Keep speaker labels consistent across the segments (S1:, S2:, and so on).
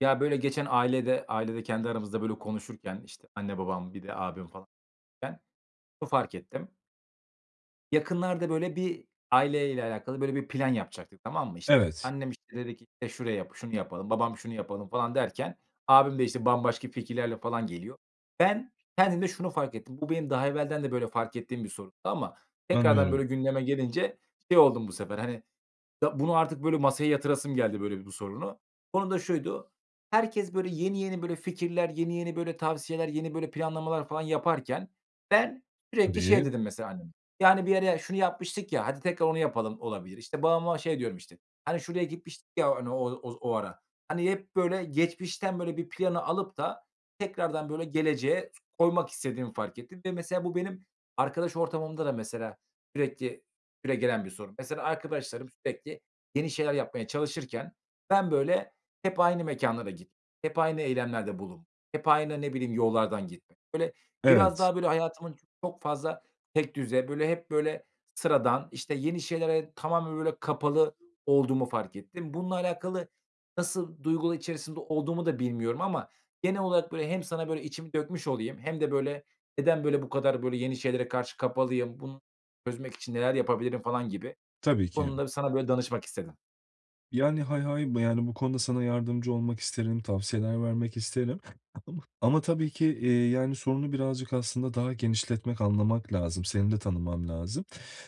S1: Ya, böyle, geçen ailede, ailede kendi aramızda, böyle, konuşurken, işte, anne babam bir de abim, falan. [unintelligible] Şunu fark ettim yakınlarda, böyle, bir aileyle alakalı, böyle, bir plan yapacaktık, tamam mı? İşte,
S2: Evet.
S1: annem, işte, dedi ki, "Şurayı, şunu yapalım." Babam, "Şunu yapalım." falan derken abim de, işte, bambaşka fikirlerle falan geliyor. Ben kendimde şunu fark ettim. Bu benim daha evvelden de, böyle, fark ettiğim bir sorundu ama tekrardan,
S2: Anlıyorum.
S1: böyle, gündeme gelince şey oldum. Bu sefer, hani, ya bunu artık, böyle, masaya yatırasım geldi, böyle, bu sorunu. Konu da şuydu: Herkes, böyle, yeni yeni, böyle, fikirler, yeni yeni, böyle, tavsiyeler, yeni, böyle, planlamalar falan yaparken ben sürekli şey
S2: Tabii.
S1: dedim, mesela. Hani, yani, "Bir yere şunu yapmıştık ya, hadi tekrar onu yapalım." olabilir. İşte, babama şey diyorum, işte: "Hani, şuraya gitmiştik ya, hani, o o o ara." Hani, hep, böyle, geçmişten, böyle, bir planı alıp da tekrardan, böyle, geleceğe koymak istediğimi fark ettim ve, mesela, bu benim arkadaş ortamımda da mesela sürekli süregelen bir sorun. Mesela, arkadaşlarım sürekli yeni şeyler yapmaya çalışırken ben, böyle, hep aynı mekânlara git, hep aynı eylemlerde bulun, hep aynı, ne bileyim, yollardan gitmek. Böyle, biraz
S2: Evet.
S1: daha, böyle, hayatımın çok fazla tekdüze, böyle, hep, böyle, sıradan, işte, yeni şeylere tamamen, böyle, kapalı olduğumu fark ettim. Bununla alakalı nasıl duygular içerisinde olduğumu da bilmiyorum ama genel olarak, böyle, hem sana, böyle, içimi dökmüş olayım hem de, böyle, neden, böyle, bu kadar, böyle, yeni şeylere karşı kapalıyım, bunu çözmek için neler yapabilirim falan gibi.
S2: Tabii
S1: Bu
S2: ki.
S1: konuda sana, böyle, danışmak istedim.
S2: Yani, hay hay. Yani, bu konuda sana yardımcı olmak isterim, tavsiyeler vermek isterim ama tabii ki, iii, yani, sorunu birazcık aslında daha genişletmek, anlamak lazım. Seni de tanımam lazım.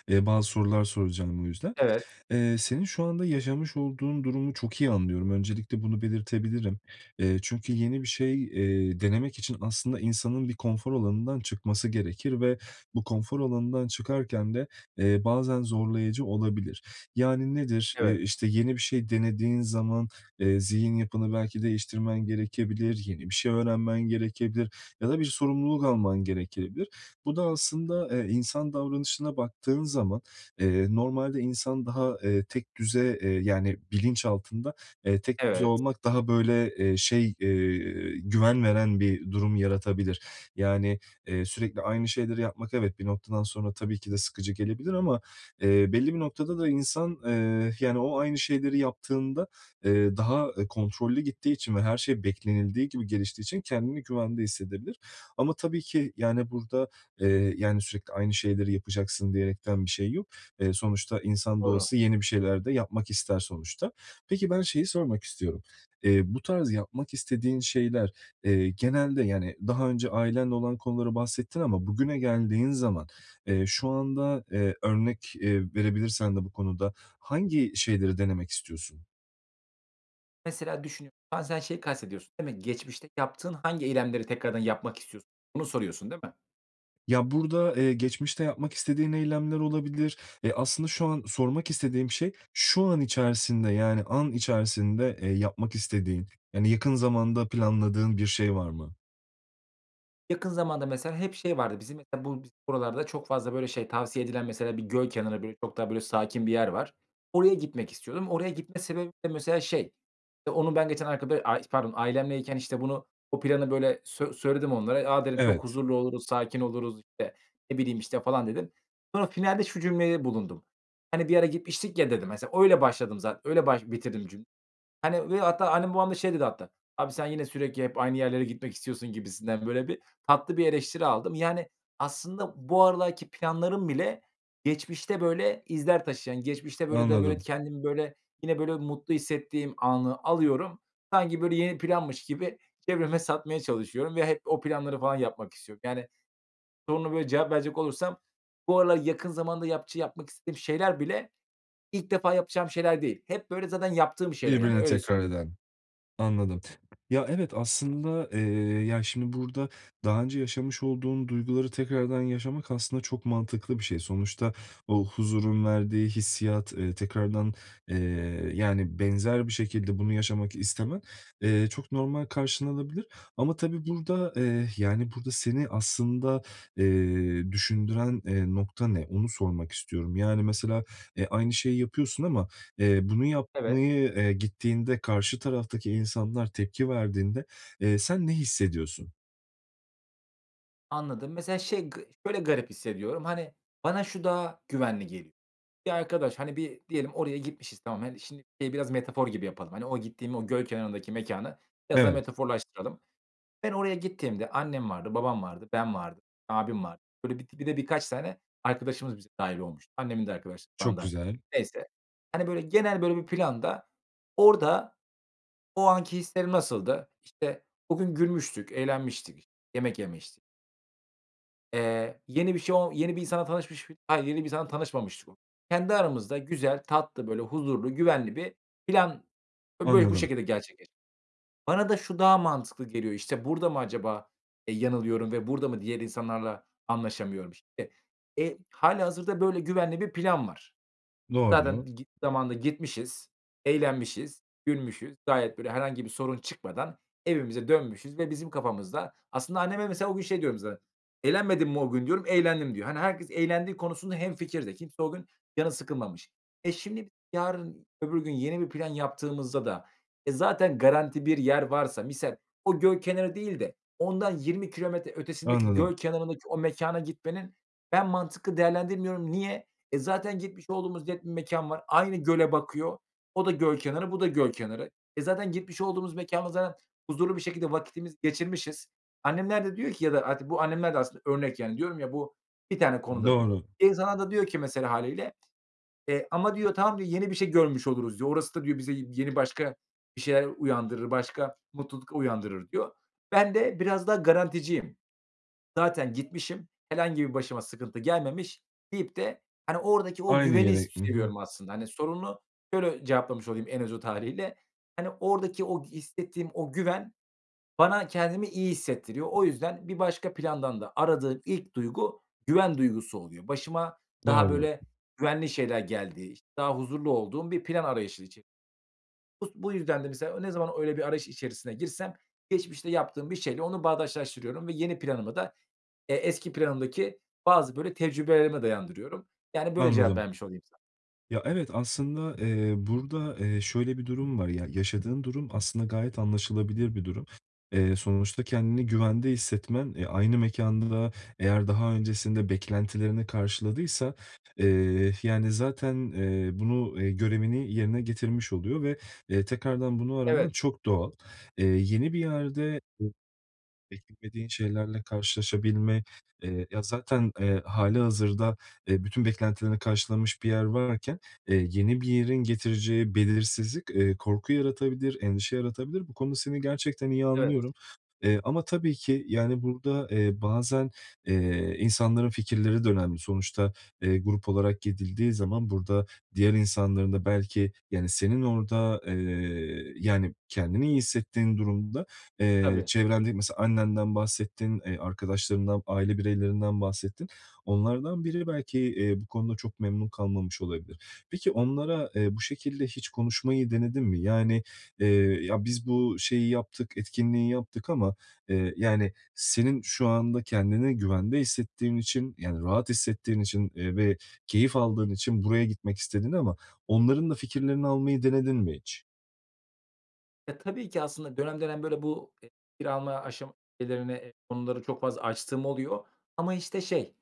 S2: Eee, bazı sorular soracağım bu yüzden.
S1: Evet.
S2: Eee, senin şu anda yaşamış olduğun durumu çok iyi anlıyorum. Öncelikle bunu belirtebilirim. Eee, çünkü yeni bir şey, eee, denemek için aslında insanın bir konfor alanından çıkması gerekir ve bu konfor alanından çıkarken de, eee, bazen zorlayıcı olabilir. Yani, nedir? Eee,
S1: Evet.
S2: işte, yeni bir şey denediğin zaman, eee, zihin yapını belki değiştirmen gerekebilir, yeni bir şey öğrenmen gerekebilir ya da bir sorumluluk alman gerekebilir. Bu da aslında, eee, insan davranışına baktığın zaman, eee, normalde insan daha, eee, tekdüze, eee, yani, bilinçaltında, eee, tekdüze
S1: Evet.
S2: olmak daha böyle, eee, şey, eee, güven veren bir durum yaratabilir. Yani, eee, sürekli aynı şeyleri yapmak evet, bir noktadan sonra tabii ki de sıkıcı gelebilir ama, eee, belli bir noktada da insan, eee, yani, o aynı şeyleri yaptığında, eee, daha kontrollü gittiği için ve her şey beklenildiği gibi geliştiği için kendini güvende hissedebilir. Ama tabii ki, yani, burada, eee, yani, sürekli aynı şeyleri yapacaksın diyerekten bir şey yok. Eee, sonuçta insan da
S1: Doğru.
S2: olsa yeni bir şeyler de yapmak ister sonuçta. Peki, ben şeyi sormak istiyorum. Eee, bu tarz yapmak istediğin şeyler, eee, genelde, yani, daha önce ailenle olan konuları bahsettin ama bugüne geldiğin zaman, eee, şu anda, eee, örnek verebilirsen de bu konuda hangi şeyleri denemek istiyorsun?
S1: Mesela, düşünü Bazen şeyi kastediyorsun, değil mi? Geçmişte yaptığın hangi eylemleri tekrardan yapmak istiyorsun? Bunu soruyorsun, değil mi?
S2: Ya, burada, eee, geçmişte yapmak istediğin eylemler olabilir. Eee, aslında şu an sormak istediğim şey, şu an içerisinde, yani an içerisinde, eee, yapmak istediğin, yani yakın zamanda planladığın bir şey var mı?
S1: Yakın zamanda mesela hep şey vardı bizim, mesela bu biz buralarda çok fazla, böyle, şey tavsiye edilen, mesela bir göl kenarı, böyle, çok daha böyle, sakin bir yer var. Oraya gitmek istiyordum. Oraya gitme sebebim de mesela, şey, işte, onun ben geçen arka böyle, aaa, pardon ailemleyken, işte, bunu bu planı böyle sö söyledim onlara. "A!" dedim. "Çok
S2: Evet.
S1: huzurlu oluruz, sakin oluruz." İşte, ne bileyim, işte, falan dedim. Sonra finalde şu cümlede bulundum: "Hani bir ara gitmiştik ya." dedim. Mesela, öyle başladım zate öyle baş bitirdim cüm Hani ve hatta annem babam da şey dedi hatta, "abi sen yine sürekli hep aynı yerlere gitmek istiyorsun," gibisinden böyle bir, tatlı bir eleştiri aldım. Yani aslında bu aralarki planlarım bile geçmişte böyle, izler taşıyan... Geçmişte böyle de böyle,
S2: Anladım.
S1: kendimi, böyle, yine, böyle, mutlu hissettiğim anı alıyorum, sanki, böyle, yeni planmış gibi çevreme satmaya çalışıyorum ve hep o planları falan yapmak istiyorum. Yani, soruna böyle cevap verecek olursam bu aralar yakın zamanda yapçı yapmak istediğim şeyler bile ilk defa yapacağım şeyler değil. Hep, böyle, zaten yaptığım şeyler yani.
S2: Birbirini
S1: Öyle
S2: tekrar
S1: söyleyeyim
S2: eden. Anladım. Ya, evet, aslında, eee, ya, şimdi burada daha önce yaşamış olduğun duyguları tekrardan yaşamak aslında çok mantıklı bir şey. Sonuçta o huzurun verdiği hissiyat, eee, tekrardan, eee, yani benzer bir şekilde bunu yaşamak istemen, eee, çok normal karşılanabilir ama tabii burada, eee, yani burada seni aslında, eee, düşündüren, eee, nokta ne, onu sormak istiyorum. Yani mesela, eee, aynı şeyi yapıyorsun ama, eee, bunu
S1: Evet.
S2: yapmaya, eee, gittiğinde karşı taraftaki insanlar tepki verdiğinde, eee, sen ne hissediyorsun?
S1: Anladım. Mesela, şey, gı şöyle garip hissediyorum, hani, bana şu daha güvenli geliyor. Ya, arkadaş, hani, bir diyelim oraya gitmişiz, tamam. Hani, şimdi, e biraz metafor gibi yapalım. Hani, o gittiğim o göl kenarındaki mekânı biraz daha
S2: Evet.
S1: metaforlaştıralım. Ben oraya gittiğimde annem vardı, babam vardı, ben vardım, abim vardı. Böyle bir di bir de birkaç tane arkadaşımız bize dâhil olmuştu. Annemin de arkadaş falan
S2: Çok
S1: dâhil
S2: güzel.
S1: Neyse, hani, böyle genel böyle bir planda orada o anki hislerim nasıldı? İşte, o gün gülmüştük, eğlenmiştik, yemek yemiştik. Eee, yeni bir şey o yeni bir insanla tanışmış mi Ha, yeni bir insanla tanışmamıştık o Kendi aramızda güzel, tatlı, böyle huzurlu, güvenli bir plan. Ve böyle bu
S2: Anladım.
S1: şekilde gerçekle Bana da şu daha mantıklı geliyor. İşte, burada mı acaba, e, yanılıyorum ve burada mı diğer insanlarla anlaşamıyorum işte? Eee, hâlihazırda böyle güvenli bir plan var. Zaten
S2: Doğru.
S1: git zamanında gitmişiz, eğlenmişiz, gülmüşüz. Gayet böyle herhangi bir sorun çıkmadan evimize dönmüşüz ve bizim kafamızda Aslında anneme, mesela, o gün şey diyorum mesela, "Eğlenmedin mi o gün?" diyorum. "Eğlendim." diyor. Hani, herkes eğlendiği konusunda hemfikir de. Kimse o gün canı sıkılmamış. E, şimdi yarın, öbür gün yeni bir plan yaptığımızda da, e, zaten garanti bir yer varsa misal o göl kenarı değil de ondan 20 kilometre ötesindeki
S2: Anladım.
S1: göl kenarındaki o mekâna gitmenin ben mantıklı değerlendirmiyorum. Niye? E, zaten gitmiş olduğumuz net bir mekân var. Aynı göle bakıyor. O da göl kenarı, bu da göl kenarı. E, zaten gitmiş olduğumuz mekânda zaten huzurlu bir şekilde vaktimizi geçirmişiz. Annemler de diyor ki ya da artık bu annemler de aslında örnek, yani, diyorum ya, bu bir tane konuda bu.
S2: Doğru.
S1: İnsanlar da diyor ki mesela hâliyle, eee, "Ama.", diyor, "Tamam.", diyor, "Yeni bir şey görmüş oluruz." diyor. "Orası da.", diyor, "Bize y yeni başka bir şeyler uyandırır. Başka mutluluk uyandırır." diyor. Ben de biraz daha garanticiyim. Zaten gitmişim. Herhangi bir başıma sıkıntı gelmemiş deyip de, hani, oradaki o
S2: Aynı
S1: güveni s
S2: yere I hı.
S1: seviyorum aslında. Hani, sorunu şöyle cevaplamış olayım en özet hâliyle. Hani, oradaki o hissettiğim o güven bana kendimi iyi hissettiriyor. O yüzden bir başka plandan da aradığım ilk duygu güven duygusu oluyor. Başıma daha
S2: Doğru.
S1: böyle güvenli şeyler geldiği, işte, daha huzurlu olduğum bir plan arayışı içe Bus bu yüzden de mesela ne zaman öyle bir arayış içerisine girsem geçmişte yaptığım bir şeyle onu bağdaştırıyorum ve yeni planımı da, eee, eski planımdaki bazı böyle tecrübelerime dayandırıyorum. Yani, böyle cevap
S2: Anladım.
S1: vermiş olayım sa
S2: Ya, evet, aslında, eee, burada, eee, şöyle bir durum var. Ya, yaşadığın durum aslında gayet anlaşılabilir bir durum. Eee, sonuçta kendini güvende hissetmen, eee, aynı mekân da eğer daha öncesinde beklentilerini karşıladıysa, eee, yani, zaten, eee, bunu eee, görevini yerine getirmiş oluyor ve, eee, tekrardan bunu araman
S1: Evet.
S2: çok doğal. Eee, yeni bir yerde [unintelligible] beklemediğin şeylerle karşılaşabilme, eee ya, zaten, eee, hâlihazırda, eee, bütün beklentilerini karşılamış bir yer varken, eee, yeni bir yerin getireceği belirsizlik, eee, korku yaratabilir, endişe yaratabilir. Bu konuda seni gerçekten iyi anlıyorum.
S1: Evet.
S2: Eee, ama tabii ki, yani, burada, eee, bazen, eee, insanların fikirleri de önemli. Sonuçta, eee, grup olarak gidildiği zaman burada diğer insanların da belki, yani, senin orada, eee, yani, kendini iyi hissettiğin durumda, eee,
S1: Tabii.
S2: çevrende mesela annenden bahsettin, eee, arkadaşlarından, aile bireylerinden bahsettin. Onlardan biri belki, eee, bu konuda çok memnun kalmamış olabilir. Peki onlara, eee, bu şekilde hiç konuşmayı denedin mi? Yani, eee, "Ya, biz bu şeyi yaptık, etkinliği yaptık ama, eee" Yani senin şu anda kendini güvende hissettiğin için, yani, rahat hissettiğin için, eee, ve keyif aldığın için buraya gitmek istedin ama onların da fikirlerini almayı denedin mi hiç?
S1: Ya tabii ki aslında dönem dönem, böyle, bu fikir alma [unintelligible] çok fazla açtığım oluyor ama, işte, şey,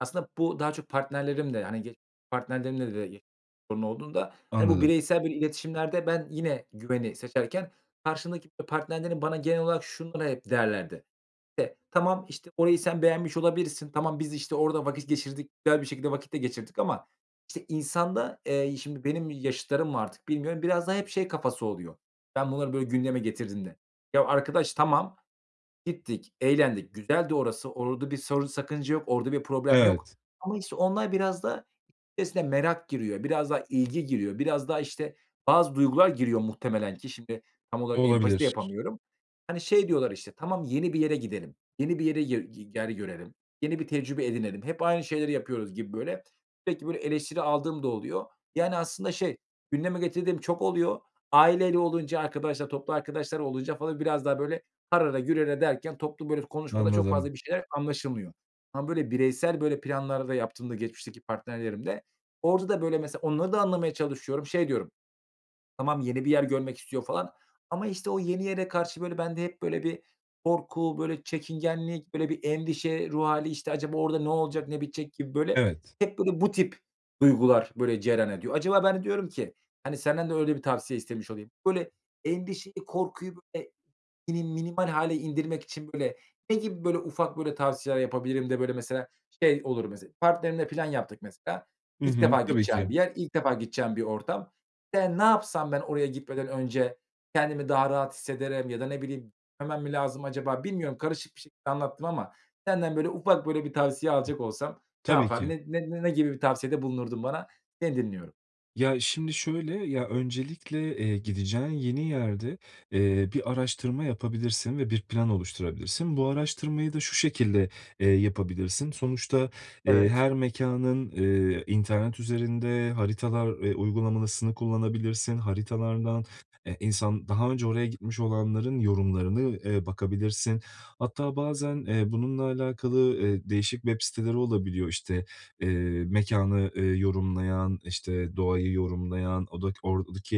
S1: aslında bu daha çok partnerlerimle, hani, [unintelligible] partnerlerimle de sorun olduğunda, hani, bu
S2: Anladım.
S1: bireysel iletişimlerde ben yine güveni seçerken karşımdaki partnerlerim bana genel olarak şunları hep derlerdi: "Tamam, işte, orayı sen beğenmiş olabilirsin. Tamam, biz, işte, orada vakit geçirdik, güzel bir şekilde vakit de geçirdik ama..." İnsanda, eee, şimdi benim yaşıtlarım mı artık bilmiyorum, biraz daha hep şey kafası oluyor. Ben bunları, böyle, gündeme getirdiğimde, ya arkadaş, tamam, gittik, eğlendik, güzeldi orası. Orada bir sorun, sakınca yok. Orada bir problem yok
S2: Evet.
S1: ama, işte, onlar biraz daha esne merak giriyor, biraz daha ilgi giriyor, biraz daha, işte, bazı duygular giriyor muhtemelen ki şimdi tam
S2: Bu
S1: olarak empati de
S2: olabilir.
S1: yapamıyorum. Hani, şey diyorlar, işte, "Tamam, yeni bir yere gidelim, yeni bir yere yi ger görelim, yeni bir tecrübe edinelim. Hep aynı şeyleri yapıyoruz." gibi, böyle. Sürekli böyle eleştiri aldığım da oluyor. Yani, aslında, şey, gündeme getirdiğim çok oluyor. Aileli olunca, arkadaşlar, toplu arkadaşlar olunca falan biraz daha, böyle, harala gürele derken toplu, böyle, konuşmada çok
S2: Anladım.
S1: fazla bir şeyler anlaşılmıyor. Ama, böyle, bireysel, böyle, planlar da yaptığımda, geçmişteki partnerlerimde. Orada da, böyle, mesela, onları da anlamaya çalışıyorum. Şey diyorum: "Tamam, yeni bir yer görmek istiyor." falan. Ama, işte, o yeni yere karşı, böyle, bende hep, böyle, bir korku, böyle, çekingenlik, böyle, bir endişe ruh hâli. İşte, "Acaba orada ne olacak, ne bitecek?" gibi, böyle,
S2: Evet.
S1: hep, böyle, bu tip duygular, böyle, cereyan ediyor. Acaba ben de diyorum ki, hani, senden de öyle bir tavsiye istemiş olayım. Böyle, endişeyi, korkuyu [unintelligible] mini minimal hâle indirmek için, böyle, ne gibi, böyle, ufak, böyle, tavsiyeler yapabilirim de, böyle, mesela, şey, olur. Mesela, partnerimle plan yaptık. Mesela,
S2: Hı
S1: ilk
S2: hı.
S1: defa
S2: Tabii
S1: gideceğim
S2: ki.
S1: bir yer, ilk defa gideceğim bir ortam. Ben ne yapsam ben oraya gitmeden önce kendimi daha rahat hissederim ya da ne bileyim, hemen mi lazım acaba, bilmiyorum. Karışık bir şekilde anlattım ama senden, böyle, ufak, böyle, bir tavsiye alacak olsam ne
S2: Tabii
S1: yapardın?
S2: ki.
S1: Ne ne ne gibi bir tavsiyede bulunurdun bana? Seni dinliyorum.
S2: Ya, şimdi şöyle. Ya, öncelikle, eee, gideceğin yeni yerde, eee, bir araştırma yapabilirsin ve bir plan oluşturabilirsin. Bu araştırmayı da şu şekilde, eee, yapabilirsin. Sonuçta, eee,
S1: Evet.
S2: her mekânın, eee, internet üzerinde haritalar, eee, uygulamasını kullanabilirsin. Haritalardan, eee, insan daha önce oraya gitmiş olanların yorumlarına, eee, bakabilirsin. Hatta bazen, eee, bununla alakalı, eee, değişik web siteleri olabiliyor. İşte, eee, mekânı, eee, yorumlayan, işte, doğayı yorumlayan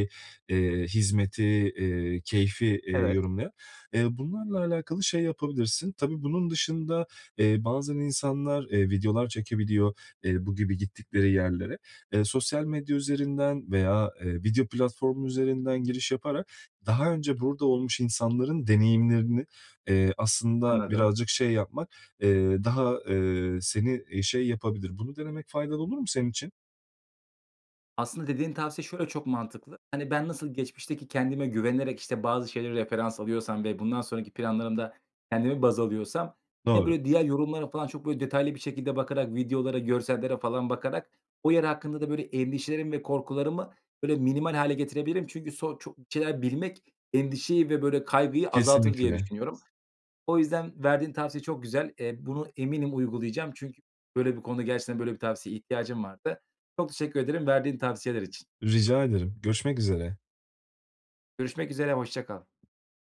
S2: [unintelligible] eee, hizmeti, eee, keyfi, eee,
S1: Evet.
S2: yorumlayan. Ya, bunlarla alakalı şey yapabilirsin. Tabii bunun dışında, eee, bazen insanlar, eee, videolar çekebiliyor, eee, bu gibi gittikleri yerlere. Eee, sosyal medya üzerinden veya, eee, video platformu üzerinden giriş yaparak daha önce burada olmuş insanların deneyimlerine, eee, aslında
S1: Anladım.
S2: birazcık, şey, yapmak, eee, daha, eee, seni, eee, şey, yapabilir. Bunu denemek faydalı olur mu senin için?
S1: Aslında dediğin tavsiye şöyle çok mantıklı. Hani, ben nasıl geçmişteki kendime güvenerek, işte, bazı şeyleri referans alıyorsam ve bundan sonraki planlarımda kendimi baz alıyorsam, ya,
S2: Doğru.
S1: böyle, diğer yorumlara falan çok, böyle, detaylı bir şekilde bakarak, videolara, görsellere falan bakarak o yer hakkında da, böyle, endişelerimi ve korkularımı, böyle, minimal hâle getirebilirim. Çünkü so çok bir şeyler bilmek endişeyi ve, böyle, kaygıyı azaltır diye
S2: Kesinlikle.
S1: düşünüyorum. O yüzden verdiğin tavsiye çok güzel. Eee, bunu eminim uygulayacağım. Çünkü böyle bir konuda gerçekten, böyle bir tavsiye ihtiyacım vardı. Çok teşekkür ederim verdiğin tavsiyeler için.
S2: Rica ederim, görüşmek üzere.
S1: Görüşmek üzere hoşça kal.